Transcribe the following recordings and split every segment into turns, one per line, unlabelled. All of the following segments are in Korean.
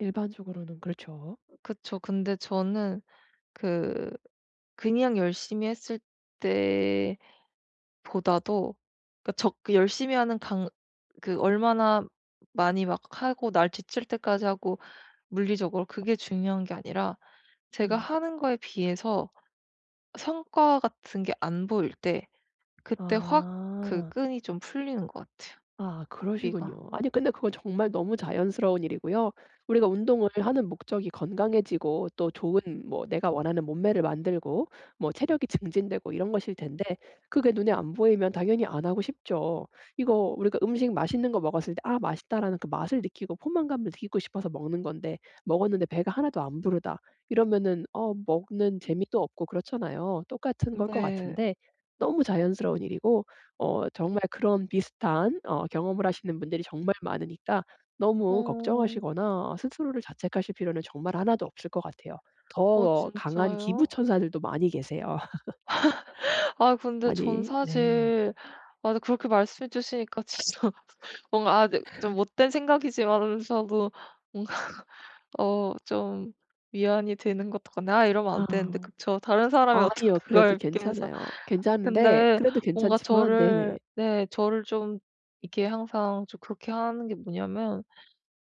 일반적으로는 그렇죠.
그쵸. 근데 저는 그 그냥 열심히 했을 때보다도 그러니까 적 그 열심히 하는 강 그 얼마나 많이 막 하고 날 지칠 때까지 하고 물리적으로 그게 중요한 게 아니라 제가
음.
하는 거에 비해서 성과 같은 게 안 보일 때 그때 확 그
아.
끈이 좀 풀리는 것 같아요,
아
고삐가.
그러시군요. 아니 근데 그건 정말 너무 자연스러운 일이고요. 우리가 운동을 하는 목적이 건강해지고 또 좋은 뭐 내가 원하는 몸매를 만들고 뭐 체력이 증진되고 이런 것일 텐데 그게 눈에 안 보이면 당연히 안 하고 싶죠. 이거 우리가 음식 맛있는 거 먹었을 때 '아 맛있다.'라는 그 맛을 느끼고 포만감을 느끼고 싶어서 먹는 건데 '먹었는데 배가 하나도 안 부르다.' 이러면은 어 먹는 재미도 없고 그렇잖아요. 똑같은
음
걸 것
네.
같은데 너무 자연스러운 일이고 어 정말 그런 비슷한 어 경험을 하시는 분들이 정말 많으니까 너무
어.
걱정하시거나 스스로를 자책하실 필요는 정말 1 도 없을 것 같아요.
어
더 강한 기부
진짜요?
천사들도 많이 계세요.
아 근데 저는
많이 네.
사실 아 네 그렇게 말씀해 주시니까 진짜 뭔가 아 네 좀 못된 생각이지만서도 뭔가 어 좀 위안이 되는 것도 같 아 이러면 안 되는데
아.
그쵸. 다른 사람이 어떻게
아니요. 그래도
그걸 그렇게 해서
괜찮아요. 괜찮은데
근데
그래도
뭔가
괜찮지만 네네.
저를 네 저를 좀 이렇게 항상 좀 그렇게 하는 게 뭐냐면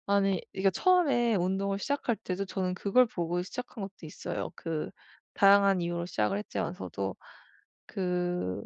아니 이게 처음에 운동을 시작할 때도 저는 그걸 보고 시작한 것도 있어요. 그 다양한 이유로 시작을 했지만서도 그